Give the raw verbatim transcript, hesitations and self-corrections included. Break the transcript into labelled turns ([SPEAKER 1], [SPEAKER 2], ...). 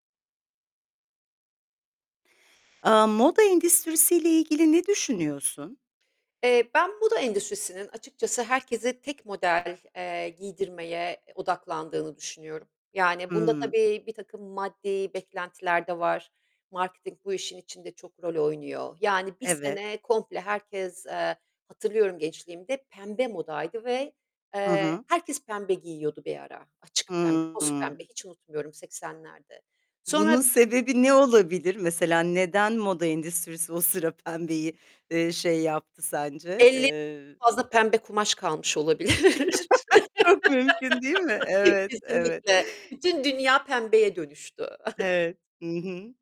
[SPEAKER 1] Aaa, moda endüstrisiyle ilgili ne düşünüyorsun?
[SPEAKER 2] Eee, ben buda endüstrisinin açıkçası herkese tek model, eee, giydirmeye, eee, odaklandığını düşünüyorum. Yani bunda
[SPEAKER 1] Hımm.
[SPEAKER 2] tabii birtakım maddi beklentiler de var. Marketing bu işin içinde çok rol oynuyor. Yani, bir
[SPEAKER 1] Evet.
[SPEAKER 2] sene komple herkes, eee, hatırlıyorum gençliğimde pembe modaydı ve,
[SPEAKER 1] Hı
[SPEAKER 2] eee,
[SPEAKER 1] hı.
[SPEAKER 2] herkes pembe giyiyordu bir ara. Açık pembe,
[SPEAKER 1] Hı
[SPEAKER 2] toz pembe.
[SPEAKER 1] hı.
[SPEAKER 2] Hiç unutmuyorum seksenlerde.
[SPEAKER 1] Bunun
[SPEAKER 2] Sonra
[SPEAKER 1] sebebi ne olabilir? Mesela neden moda endüstrisi o sıra pembeyi, eee, şey yaptı sence?
[SPEAKER 2] elle
[SPEAKER 1] Eee
[SPEAKER 2] fazla pembe kumaş kalmış olabilir.
[SPEAKER 1] Çok mümkün değil mi? Evet, evet.
[SPEAKER 2] Kesinlikle. Bütün dünya pembeye dönüştü.
[SPEAKER 1] Evet, hı hı.